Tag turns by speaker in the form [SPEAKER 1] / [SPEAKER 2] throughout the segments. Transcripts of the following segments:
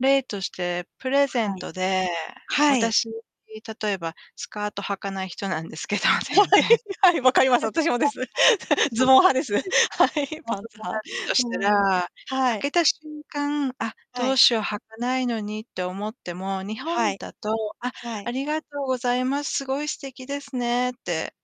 [SPEAKER 1] 例として、プレゼン
[SPEAKER 2] はい。
[SPEAKER 1] トで、
[SPEAKER 2] はい。
[SPEAKER 1] 私、例えば、スカート履かない人なんですけど、
[SPEAKER 2] は
[SPEAKER 1] 全
[SPEAKER 2] い、
[SPEAKER 1] 然。た
[SPEAKER 2] はい、分か
[SPEAKER 1] とえ
[SPEAKER 2] ります。私もです。
[SPEAKER 1] そう
[SPEAKER 2] ズ
[SPEAKER 1] そう
[SPEAKER 2] ボン
[SPEAKER 1] そ
[SPEAKER 2] 派
[SPEAKER 1] う。
[SPEAKER 2] です。は
[SPEAKER 1] で、はい。
[SPEAKER 2] い、
[SPEAKER 1] そ
[SPEAKER 2] パ
[SPEAKER 1] のズ
[SPEAKER 2] ンツ
[SPEAKER 1] ボンが
[SPEAKER 2] 派。
[SPEAKER 1] とした
[SPEAKER 2] うん。
[SPEAKER 1] ら、
[SPEAKER 2] は
[SPEAKER 1] 開
[SPEAKER 2] い。
[SPEAKER 1] けた瞬間、あっ、
[SPEAKER 2] は
[SPEAKER 1] どう
[SPEAKER 2] い。
[SPEAKER 1] しよう、履かないのにって思っても、日
[SPEAKER 2] は
[SPEAKER 1] 本
[SPEAKER 2] い。
[SPEAKER 1] だと、「あ、
[SPEAKER 2] は
[SPEAKER 1] あ
[SPEAKER 2] い。
[SPEAKER 1] りがとうございます、すごい素敵ですね」って。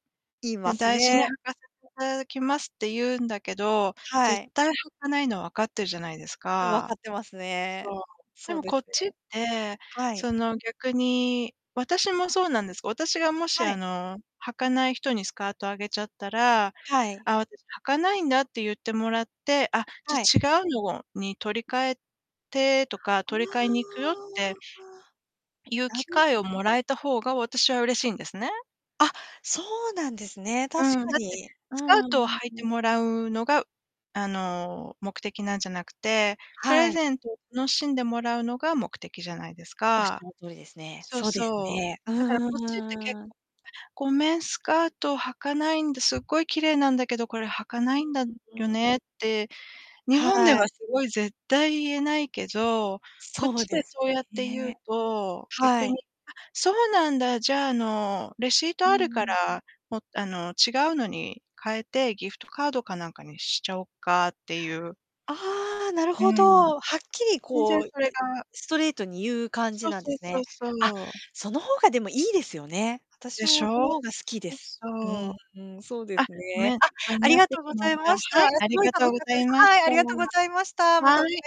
[SPEAKER 2] 言いま
[SPEAKER 1] 「だ
[SPEAKER 2] す
[SPEAKER 1] 大事に履
[SPEAKER 2] ね。
[SPEAKER 1] かせて ただきます」って言うんだけど、
[SPEAKER 2] は
[SPEAKER 1] 絶
[SPEAKER 2] い。
[SPEAKER 1] 対履かないの分かってるじゃないです
[SPEAKER 2] うん、分か
[SPEAKER 1] か。
[SPEAKER 2] ってます
[SPEAKER 1] そ
[SPEAKER 2] ね。
[SPEAKER 1] う。で
[SPEAKER 2] そう
[SPEAKER 1] も
[SPEAKER 2] で
[SPEAKER 1] こ
[SPEAKER 2] す
[SPEAKER 1] っちっ
[SPEAKER 2] ね。
[SPEAKER 1] て
[SPEAKER 2] はい。
[SPEAKER 1] その逆に私もそうなんです。私がもし、
[SPEAKER 2] は
[SPEAKER 1] あ
[SPEAKER 2] い。
[SPEAKER 1] の、履かない人にスカートあげちゃったら、
[SPEAKER 2] はい。
[SPEAKER 1] 「あ、私履かないんだ」って言ってもらって、あ、じ
[SPEAKER 2] はい。
[SPEAKER 1] ゃ違うのをに、取り替えてとか、
[SPEAKER 2] う
[SPEAKER 1] 取り替えに行くよっ
[SPEAKER 2] わ、あ、
[SPEAKER 1] て
[SPEAKER 2] ああ。
[SPEAKER 1] ゆう
[SPEAKER 2] な
[SPEAKER 1] 機
[SPEAKER 2] る。
[SPEAKER 1] 会をもらえた方が私は嬉しいんですね。
[SPEAKER 2] あ、そうなんですね、確
[SPEAKER 1] うん、
[SPEAKER 2] か
[SPEAKER 1] だって
[SPEAKER 2] に。うー
[SPEAKER 1] スカー
[SPEAKER 2] ん、う
[SPEAKER 1] トを
[SPEAKER 2] ん
[SPEAKER 1] 履いて
[SPEAKER 2] うん。
[SPEAKER 1] もらうのが、あの、目的なんじゃなくて、プ
[SPEAKER 2] は
[SPEAKER 1] レ
[SPEAKER 2] い。
[SPEAKER 1] ゼント楽しんでもらうのが目的じゃないです
[SPEAKER 2] おっし
[SPEAKER 1] か。
[SPEAKER 2] ゃる通りですね。
[SPEAKER 1] そう
[SPEAKER 2] そうです
[SPEAKER 1] そう。
[SPEAKER 2] ね。う
[SPEAKER 1] だから、こっちって、結
[SPEAKER 2] ーん。
[SPEAKER 1] 構、「ごめん、スカート履かないんで、すっごい綺麗なんだけど、これ履かな
[SPEAKER 2] う
[SPEAKER 1] いんだ
[SPEAKER 2] んう
[SPEAKER 1] よ
[SPEAKER 2] ん、うーん。
[SPEAKER 1] ね」って日
[SPEAKER 2] は
[SPEAKER 1] 本で
[SPEAKER 2] い。
[SPEAKER 1] は、すごい、絶対言えないけど、こっ
[SPEAKER 2] そう
[SPEAKER 1] ち
[SPEAKER 2] で
[SPEAKER 1] で
[SPEAKER 2] す
[SPEAKER 1] そうやって言
[SPEAKER 2] ね
[SPEAKER 1] う
[SPEAKER 2] え。
[SPEAKER 1] と、
[SPEAKER 2] は
[SPEAKER 1] 逆
[SPEAKER 2] い。
[SPEAKER 1] に、あ、そうなんだ、じゃ、あの、レシー
[SPEAKER 2] う
[SPEAKER 1] ト
[SPEAKER 2] ん
[SPEAKER 1] あ
[SPEAKER 2] う
[SPEAKER 1] るか
[SPEAKER 2] ん。
[SPEAKER 1] ら、もあの、違うのに変えて、ギフトカードかなんかにしちゃおうかって言う。
[SPEAKER 2] ああ、なる
[SPEAKER 1] う
[SPEAKER 2] ほ
[SPEAKER 1] ん。
[SPEAKER 2] ど。はっきり
[SPEAKER 1] 全
[SPEAKER 2] こ
[SPEAKER 1] 然
[SPEAKER 2] う、
[SPEAKER 1] それ が
[SPEAKER 2] ストレートに言う感じ
[SPEAKER 1] そう
[SPEAKER 2] なんで
[SPEAKER 1] そう
[SPEAKER 2] す
[SPEAKER 1] そ
[SPEAKER 2] ね。
[SPEAKER 1] う
[SPEAKER 2] あ、
[SPEAKER 1] そう。
[SPEAKER 2] その方が、でも、いいですよね。私
[SPEAKER 1] でし
[SPEAKER 2] もそ
[SPEAKER 1] ょ。
[SPEAKER 2] の方が好きで
[SPEAKER 1] そ、
[SPEAKER 2] す。
[SPEAKER 1] そ
[SPEAKER 2] うー
[SPEAKER 1] う。
[SPEAKER 2] ん、うん、そうで
[SPEAKER 1] あ、
[SPEAKER 2] す
[SPEAKER 1] ご
[SPEAKER 2] ね。
[SPEAKER 1] めん、
[SPEAKER 2] あ、
[SPEAKER 1] かんに
[SPEAKER 2] あり
[SPEAKER 1] なっ
[SPEAKER 2] が
[SPEAKER 1] てし
[SPEAKER 2] とうご
[SPEAKER 1] ま
[SPEAKER 2] ざ
[SPEAKER 1] っ
[SPEAKER 2] い
[SPEAKER 1] た。
[SPEAKER 2] ました。
[SPEAKER 1] は
[SPEAKER 2] あ、
[SPEAKER 1] い、あり
[SPEAKER 2] 凄い
[SPEAKER 1] が
[SPEAKER 2] 楽
[SPEAKER 1] と
[SPEAKER 2] し
[SPEAKER 1] うご
[SPEAKER 2] かっ
[SPEAKER 1] ざ
[SPEAKER 2] たで
[SPEAKER 1] い
[SPEAKER 2] す。
[SPEAKER 1] まし
[SPEAKER 2] はい、あ
[SPEAKER 1] た。
[SPEAKER 2] りがとうございました。またお
[SPEAKER 1] は
[SPEAKER 2] 願い
[SPEAKER 1] い。